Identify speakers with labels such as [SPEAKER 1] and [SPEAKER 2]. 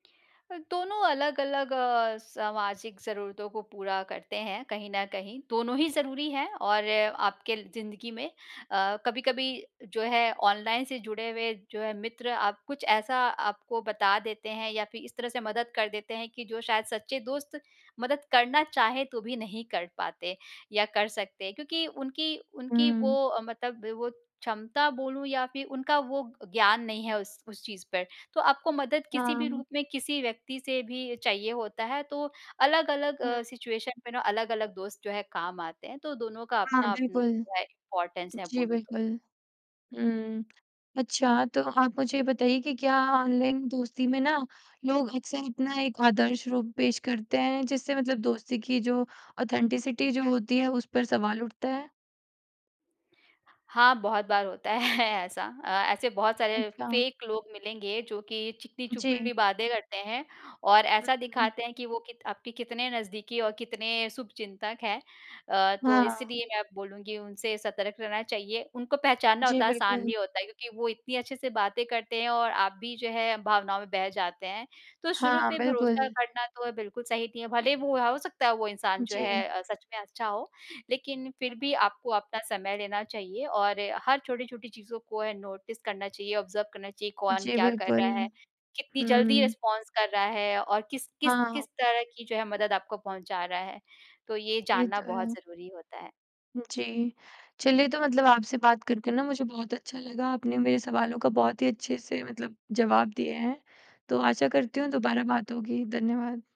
[SPEAKER 1] दोनों अलग-अलग अ, सामाजिक ज़रूरतों को पूरा करते हैं, कहीं न कहीं दोनों ही ज़रूरी हैं और आपके ज़िंदगी में अ, कभी-कभी जो है ऑनलाइन से जुड़े हुए जो है मित्र आप कुछ ऐसा आपको बता देते हैं या फिर इस तरह से मदद कर देते हैं कि जो शायद सच्चे दोस्त मदद करना चाहे तो भी नहीं कर पाते या कर सकते हैं क्योंकि उनकी उनकी
[SPEAKER 2] हुँ।
[SPEAKER 1] वो मतलब वो क्षमता बोलूँ या फिर उनका वो ज्ञान नहीं है उस उस चीज़ पर तो आपको मदद किसी भी
[SPEAKER 2] हाँ।
[SPEAKER 1] रूप में, किसी व्यक्ति से भी चाहिए होता है तो अलग-अलग अ,
[SPEAKER 2] हुँ।
[SPEAKER 1] सिचुएशन पे ना अलग-अलग दोस्त जो है, काम आते हैं तो दोनों का
[SPEAKER 2] हाँ,
[SPEAKER 1] अपना-अपना
[SPEAKER 2] बिल्कुल।
[SPEAKER 1] जो है इम्पोर्टेंस है,
[SPEAKER 2] जी,
[SPEAKER 1] बोलूँ तो।
[SPEAKER 2] बिल्कुल। हुँ, अच्छा तो आप मुझे ये बताइए कि क्या ऑनलाइन दोस्ती में ना, लोग अक्सर अपना एक आदर्श रूप पेश करते हैं जिससे मतलब दोस्ती की जो ऑथेंटिसिटी जो होती है, उस पर सवाल उठता है?
[SPEAKER 1] हाँ, बहुत बार होता है ऐसा। अ, ऐसे बहुत सारे
[SPEAKER 2] अच्छा।
[SPEAKER 1] फेक लोग मिलेंगे जो कि चिकनी
[SPEAKER 2] जी।
[SPEAKER 1] चुपड़ी बातें करते हैं और
[SPEAKER 2] उ,
[SPEAKER 1] ऐसा
[SPEAKER 2] हुँ।
[SPEAKER 1] दिखाते हैं कि वो कीत आपके कितने नज़दीकी और कितने शुभचिंतक हैं। अ, तो
[SPEAKER 2] हाँ।
[SPEAKER 1] इसीलिए मैं बोलूँगी उनसे सतर्क रहना चाहिए, उनको पहचानना
[SPEAKER 2] जी,
[SPEAKER 1] उतना आसान
[SPEAKER 2] बिल्कुल।
[SPEAKER 1] नहीं होता है क्योंकि वो इतनी अच्छे से बातें करते हैं और आप भी जो है भावनाओं में बह जाते हैं, तो शुरू
[SPEAKER 2] हाँ,
[SPEAKER 1] पे भरोसा
[SPEAKER 2] बिल्कुल।
[SPEAKER 1] करना तो बिल्कुल सही नहीं है। भले ही वो हो सकता है वो इंसान जो
[SPEAKER 2] जी।
[SPEAKER 1] है, सच में अच्छा हो, लेकिन फिर भी
[SPEAKER 2] हुँ।
[SPEAKER 1] आपको अपना समय लेना चाहिए और हर छोटी-छोटी चीज़ों को नोटिस करना चाहिए, ऑब्जर्व करना चाहिए। कौन
[SPEAKER 2] जी,
[SPEAKER 1] क्या कर रहा
[SPEAKER 2] बिल्कुल।
[SPEAKER 1] है, कितनी जल्दी
[SPEAKER 2] हुँ।
[SPEAKER 1] रिस्पॉन्स कर रहा है और किस किस
[SPEAKER 2] हाँ।
[SPEAKER 1] किस तरह की जो है, मदद आपको पहुँचा रहा है। तो ये
[SPEAKER 2] ये
[SPEAKER 1] जानना
[SPEAKER 2] तो
[SPEAKER 1] बहुत
[SPEAKER 2] है।
[SPEAKER 1] ज़रूरी होता है।
[SPEAKER 2] जी, चलिए तो मतलब आपसे बात करके ना मुझे बहुत अच्छा लगा। आपने मेरे सवालों का बहुत ही अच्छे से मतलब जवाब दिए हैं, तो आशा करती हूँ दोबारा बात होगी। धन्यवाद।